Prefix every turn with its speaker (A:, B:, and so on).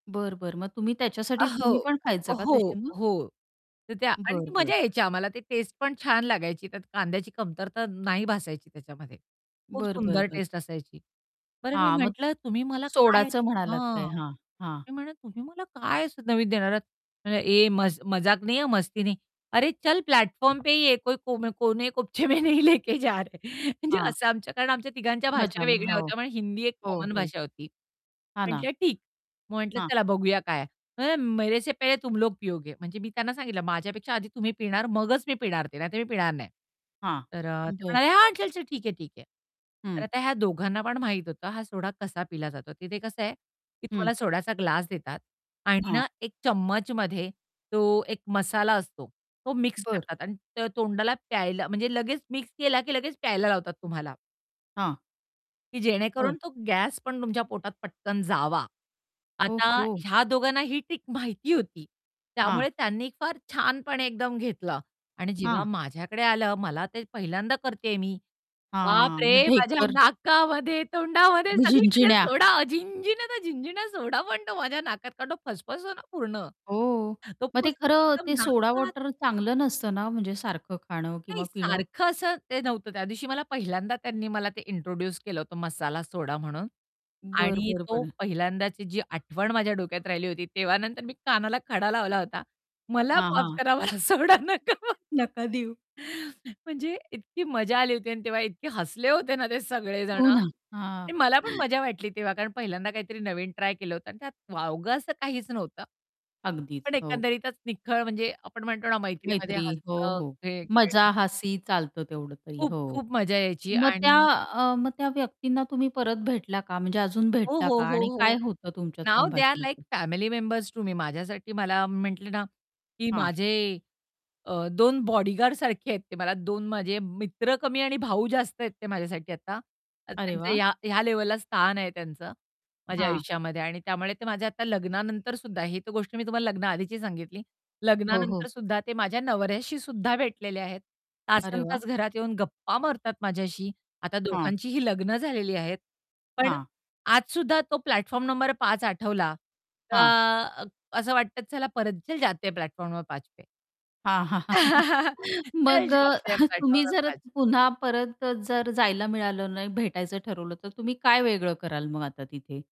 A: बरं, बरं. मग तुम्ही
B: अ,
A: त्याच्यासाठी
B: हो,
A: तुम्ही पण खायचं का
B: हो,
A: तशी मग?
B: हो. तर त्या आणि
A: बरं,
B: ती
A: बरं.
B: मजा यायची आम्हाला ते टेस्ट पण छान लागायची त्यात कांद्याची कमतरता नाही भासायची त्याच्यामध्ये, खूप
A: बरं, बरं,
B: सुंदर
A: बरं.
B: टेस्ट असायची. बरं मी
A: हां, मग
B: म्हटलं, तुम्ही मला काय
A: सोडाचं म्हणालात ते,
B: हां,
A: हां, हां.
B: मी म्हणलं, "तुम्ही मला काय असं नवीन देणार आहात?" म्हणला, "ये मज मजाक नही हां, मस्ती नहीं. अरे, चल प्लॅटफॉर्म पे ही ये कोई कोमे कोने कोने कोपचे में नहीं लेके जा रहे" म्हणजे
A: हां.
B: असं आमचं कारण आमच्या तिघांच्या
A: मजा
B: भाषा वेगळ्या
A: हो,
B: होत्या, पण हिंदी एक
A: हो,
B: कॉमन
A: हो.
B: भाषा होती.
A: हां ना.
B: म्हटलं ठीक. मग म्हटलं
A: हां.
B: चला बघूया काय. तो म्हणला, "मेरे से पहले तुम लोग पिओगे." म्हणजे मी त्यांना सांगितलं, "माझ्यापेक्षा आधी तुम्ही पिणार, मगच मी पिणार ते नाहीतर मी पिणार नाही."
A: हां.
B: तर अ, ते
A: बरं.
B: म्हणाले, "हां, चल, चल ठीक है, ठीक है." तर
A: हं.
B: आता ह्या दोघांना पण माहीत होतं हा सोडा कसा पिला जातो. तिथे कसं आहे की
A: हं.
B: तुम्हाला सोड्याचा ग्लास देतात आणि
A: हां.
B: ना, एक चम्मचमध्ये तो एक मसाला असतो तो मिक्स
A: बरं.
B: करतात आणि त तोंडाला प्यायला म्हणजे लगेच मिक्स केला की लगेच प्यायला लावतात तुम्हाला
A: हां.
B: की
A: बरं.
B: जेणेकरून तो गॅस पण तुमच्या पोटात पटकन जावा.
A: ओह,
B: आता
A: हो!
B: ह्या दोघांना ही ट्रिक माहिती होती.
A: हां.
B: त्यामुळे त्यांनी फार छानपणे एकदम घेतलं आणि जेव्हा
A: हां.
B: माझ्याकडे आलं, मला ते पहिल्यांदा करतेय मी.
A: हां, मग
B: बापरे! माझ्या
A: ढेकर.
B: नाकामध्ये, तोंडामध्ये
A: मी
B: सगळीकडे
A: झिणझिण्या.
B: सोडा! झिणझिण्या त्या झिणझिण्या, सोडा पण तो माझ्या नाकात, कारण तो फसफसतो ना पूर्ण,
A: हो.
B: तो
A: मग ते
B: फसफसून
A: खरं
B: एकदम
A: ते सोडा
B: नाकात
A: वॉटर चांगलं नसतं ना, म्हणजे सारखं खाणं
B: नाही
A: किंवा पिणं.
B: सारखं असं ते नव्हतं. त्यादिवशी मला पहिल्यांदा त्यांनी मला ते इंट्रोड्यूस केलं होतं मसाला सोडा म्हणून
A: बरं,
B: आणि
A: बरं,
B: तो
A: बरं.
B: पहिल्यांदाची जी आठवण माझ्या डोक्यात राहिली होती, तेव्हा नंतर मी कानाला खडा लावला होता "मला
A: हां,
B: माफ
A: हां.
B: करा, मला सोडा नका पाजू."
A: नका देऊ.
B: म्हणजे इतकी मजा आली होती आणि तेव्हा इतके हसले होते ना ते सगळेजण.
A: हो ना.
B: आणि
A: हां.
B: मला पण मजा वाटली तेव्हा, कारण पहिल्यांदा काहीतरी नवीन ट्राय केलं होतं आणि त्यात वावगं असं काहीच नव्हतं.
A: अगदीच
B: पण
A: हो.
B: एकंदरीतच निखळ म्हणजे आपण म्हणतो ना, मैत्रीमध्ये
A: मैत्री हो,
B: हसणं
A: हो,
B: हे,
A: मजा,
B: [unintelligible]
A: हासी चालतं तेवढं तरी हो.
B: खूप-खूप मजा यायची
A: मग त्या
B: आणि
A: अ, मग त्या व्यक्तींना तुम्ही परत भेटला का म्हणजे अजून
B: हो,
A: भेटता
B: हो,
A: का?
B: हो,
A: आणि काय
B: हो.
A: होतं तुमच्यात
B: नाउ दे आर
A: संभाषण
B: लाइक
A: असं?
B: Family members to me. माझ्यासाठी मला मी म्हटले ना, की
A: हां.
B: माझे अ, 2 बॉडीगार्डसारखे आहेत ते मला 2 माझे मित्र कमी आणि भाऊ जास्त आहेत ते माझ्यासाठी आता. तर
A: अरे
B: त्यांचं
A: वाह!
B: ह्या ह्या लेव्हलला स्थान आहे त्यांचं माझ्या
A: हां.
B: आयुष्यामध्ये. आणि त्यामुळे ते माझ्या आता लग्नानंतर सुद्धा ही गोष्ट मी तुम्हाला लग्नाआधीची सांगितली.
A: हो, हो.
B: लग्नानंतर सुद्धा ते माझ्या नवऱ्याशी सुद्धा भेटलेले आहेत.
A: अरे वाह!
B: तासनतास घरात येऊन गप्पा मारतात माझ्याशी. आता
A: हां.
B: दोघांचीही लग्न झालेली आहेत. पण
A: हां.
B: आज सुद्धा तो प्लॅटफॉर्म नंबर 5 आठवला
A: हां.
B: का असं वाटतं, चला परत "चल जाते है, प्लॅटफॉर्म नंबर 5 पे."
A: हां.
B: "चल
A: मग अ,
B: जाते है, प्लॅटफॉर्म
A: तुम्ही
B: नंबर
A: जर
B: 5."
A: पुन्हा परत अ, जर जायला मिळालं ना, भेटायचं ठरवलं तर तुम्ही काय वेगळं कराल मग आता तिथे?